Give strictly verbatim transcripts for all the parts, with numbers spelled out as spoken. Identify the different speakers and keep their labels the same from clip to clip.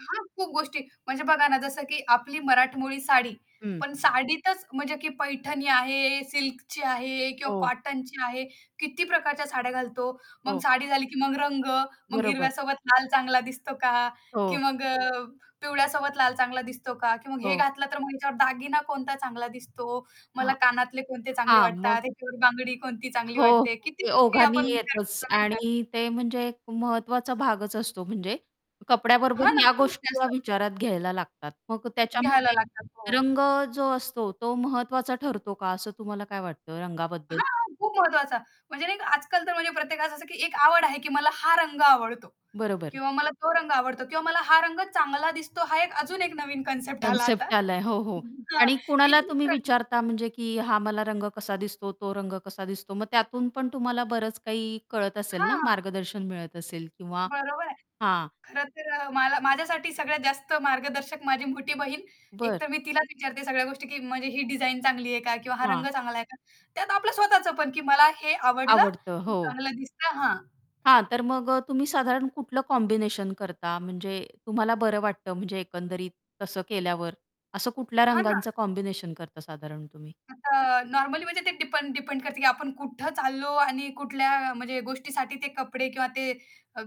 Speaker 1: हां, खूप गोष्टी. म्हणजे बघा ना जसं की आपली मराठमोळी साडी
Speaker 2: हं.
Speaker 1: पण साडीतच म्हणजे की पैठणी आहे, सिल्कची आहे किंवा
Speaker 2: हो.
Speaker 1: कॉटनची आहे, किती प्रकारच्या साड्या घालतो, मग
Speaker 2: हो.
Speaker 1: साडी झाली की मग रंग, मग
Speaker 2: बरोबर.
Speaker 1: हिरव्यासोबत लाल चांगला दिसतो का? की
Speaker 2: हो.
Speaker 1: मग अ, पिवळ्यासोबत लाल चांगला दिसतो का? की मग हे
Speaker 2: हो.
Speaker 1: घातलं तर मग ह्याच्यावर दागिना कोणता चांगला दिसतो, मला
Speaker 2: हां,
Speaker 1: कानातले कोणते चांगले
Speaker 2: हां,
Speaker 1: वाटतात,
Speaker 2: मग?
Speaker 1: ह्याच्यावर बांगडी कोणती चांगली
Speaker 2: हो,
Speaker 1: वाटते, किती
Speaker 2: ते
Speaker 1: गोष्टी
Speaker 2: ओघाने
Speaker 1: आपण विचार
Speaker 2: येतच
Speaker 1: करतो नाही का यात.
Speaker 2: आणि ते म्हणजे एक महत्त्वाचा भागच असतो म्हणजे कपड्याबरोबर
Speaker 1: हां ना,
Speaker 2: ह्या
Speaker 1: खूप
Speaker 2: गोष्टी या
Speaker 1: जास्त.
Speaker 2: विचारात घ्यायला लागतात. मग
Speaker 1: घ्यायला
Speaker 2: त्याच्यामध्ये
Speaker 1: लागतात, हो.
Speaker 2: रंग जो असतो तो महत्त्वाचा ठरतो का? असं तुम्हाला काय वाटतं रंगाबद्दल?
Speaker 1: हां, खूप महत्त्वाचा. म्हणजे नाही आजकाल तर म्हणजे प्रत्येकास असं, की एक आवड आहे की मला हा रंग आवडतो
Speaker 2: बरोबर.
Speaker 1: किंवा मला तो रंग आवडतो किंवा मला हा रंग चांगला दिसतो हा एक अजून एक नवीन कन्सेप्ट आला आता
Speaker 2: कन्सेप्ट आलाय हो, हो
Speaker 1: उम्म, हां,
Speaker 2: आणि
Speaker 1: की
Speaker 2: कुणाला
Speaker 1: ही
Speaker 2: तुम्ही
Speaker 1: प्र
Speaker 2: विचारता म्हणजे, की हा मला रंग कसा दिसतो, तो रंग कसा दिसतो? मग त्यातून पण तुम्हाला बरंच काही कळत असेल ना,
Speaker 1: हां.
Speaker 2: मार्गदर्शन मिळत असेल किंवा
Speaker 1: बरोबर आहे.
Speaker 2: हां.
Speaker 1: खरं तर अ, मला माझ्यासाठी सगळ्यात जास्त मार्गदर्शक माझी मोठी बहीण.
Speaker 2: बरं.
Speaker 1: एकतर मी तिलाच विचारते सगळ्या गोष्टी, की म्हणजे ही डिझाइन चांगली आहे का? किंवा हा रंग
Speaker 2: हां.
Speaker 1: चांगला आहे का? त्यात आपलं स्वतःचं पण, की मला हे आवडलं,
Speaker 2: आवडतं, हो.
Speaker 1: चांगलं दिसतं. हां.
Speaker 2: हां, तर मग अ, तुम्ही साधारण कुठलं कॉम्बिनेशन करता म्हणजे तुम्हाला बरं वाटतं म्हणजे एकंदरीत तसं केल्यावर, असं कुठल्या
Speaker 1: हां ना.
Speaker 2: रंगांचं कॉम्बिनेशन करता साधारण तुम्ही?
Speaker 1: आता नॉर्मली म्हणजे ते डिपेंड डिपेंड करतं, की आपण कुठं चाललो आणि कुठल्या म्हणजे गोष्टीसाठी ते कपडे किंवा ते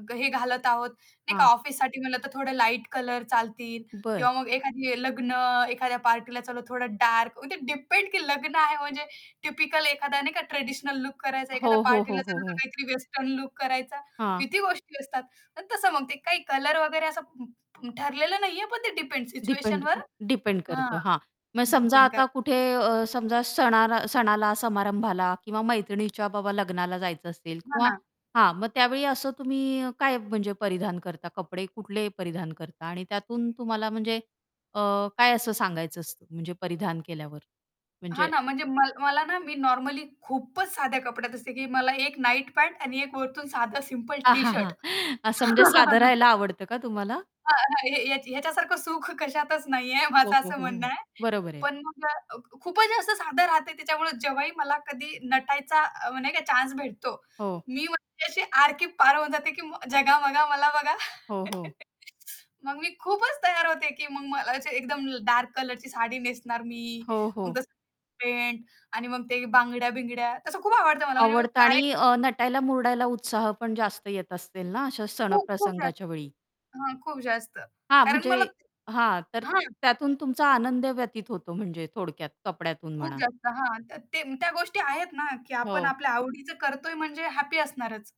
Speaker 1: ग हे घालत आहोत. नाही का
Speaker 2: हां.
Speaker 1: ऑफिससाठी म्हणलं तर थोडं लाईट कलर चालतील
Speaker 2: बरं.
Speaker 1: किंवा मग एखाद्या लग्न, एखाद्या पार्टीला चालो, थोडं डार्क म्हणजे ते डिपेंड, की लग्न आहे म्हणजे टिपिकल एखादा नाही का ट्रेडिशनल लूक करायचा, एखाद्या
Speaker 2: हो, हो,
Speaker 1: पार्टीला
Speaker 2: हो, हो,
Speaker 1: चालो तर
Speaker 2: हो.
Speaker 1: काहीतरी वेस्टर्न लूक करायचा,
Speaker 2: हां.
Speaker 1: किती गोष्टी असतात. पण तसं मग ते काही कलर वगैरे असं उम्म, ठरलेलं नाहीये पण ते डिपेंड्स
Speaker 2: डिपेंड
Speaker 1: सिच्युएशनवर
Speaker 2: डिपेंड
Speaker 1: हां,
Speaker 2: करतं हां. मग समजा
Speaker 1: डिपेंड करतं.
Speaker 2: आता कुठे अ, समजा सणा सणाला, समारंभाला किंवा मैत्रिणीच्या बाबा लग्नाला जायचं असेल किंवा
Speaker 1: म्हणा
Speaker 2: हां, मग त्यावेळी असं तुम्ही काय म्हणजे परिधान करता? कपडे कुठले परिधान करता आणि त्यातून तुम्हाला म्हणजे अ, काय असं सांगायचं असतं म्हणजे परिधान केल्यावर?
Speaker 1: हां,
Speaker 2: म्हणजे
Speaker 1: ना, म्हणजे मल मला ना मी नॉर्मली खूपच साध्या कपड्यात असते, की मला एक नाईट पँट आणि एक वरतून साधा सिंपल टी-शर्ट.
Speaker 2: असं म्हणजे साध राहायला आवडतं का तुम्हाला?
Speaker 1: हां, हां, हे ह्याच्या ह्याच्यासारखं सुख कशातच नाहीये
Speaker 2: हो,
Speaker 1: माझं
Speaker 2: हो,
Speaker 1: असं
Speaker 2: हो,
Speaker 1: म्हणणं
Speaker 2: हो,
Speaker 1: आहे.
Speaker 2: बरोबर आहे.
Speaker 1: पण मग अ, खूपच जास्त साधं राहतंय त्याच्यामुळे जेव्हाही मला कधी नटायचा अ, म्हणजे काय चान्स भेटतो.
Speaker 2: हो.
Speaker 1: मी म्हणजे अशी आर की पार होऊन जाते, की मग जगा बघा, मला बघा.
Speaker 2: हो, हो.
Speaker 1: मग मी खूपच तयार होते, की मग मला जे एकदम डार्क कलरची साडी नेसणार मी,
Speaker 2: हो,
Speaker 1: मग
Speaker 2: हो.
Speaker 1: तसं पेंट आणि मग ते बांगड्या-बिंगड्या तसं खूप आवडतं मला म्हणजे
Speaker 2: आवडतं आणि अ,
Speaker 1: कार्यक्रम. [unintelligible]
Speaker 2: नटायला मुरडायला उत्साह पण जास्त येत असतील ना अशा सण
Speaker 1: खूप, खूप जास्त
Speaker 2: प्रसंगाच्यावेळी.
Speaker 1: हां, खूप जास्त
Speaker 2: हां,
Speaker 1: कारण
Speaker 2: म्हणजे
Speaker 1: मला
Speaker 2: हां, तर
Speaker 1: हां.
Speaker 2: त्यातून तुमचा आनंद व्यतीत होतो म्हणजे थोडक्यात कपड्यातून
Speaker 1: खूप
Speaker 2: म्हणा.
Speaker 1: जास्त. हां, तर ते त्या गोष्टी आहेत ना की आपण
Speaker 2: हो.
Speaker 1: आपल्या आवडीचं करतोय म्हणजे हॅपी असणारच.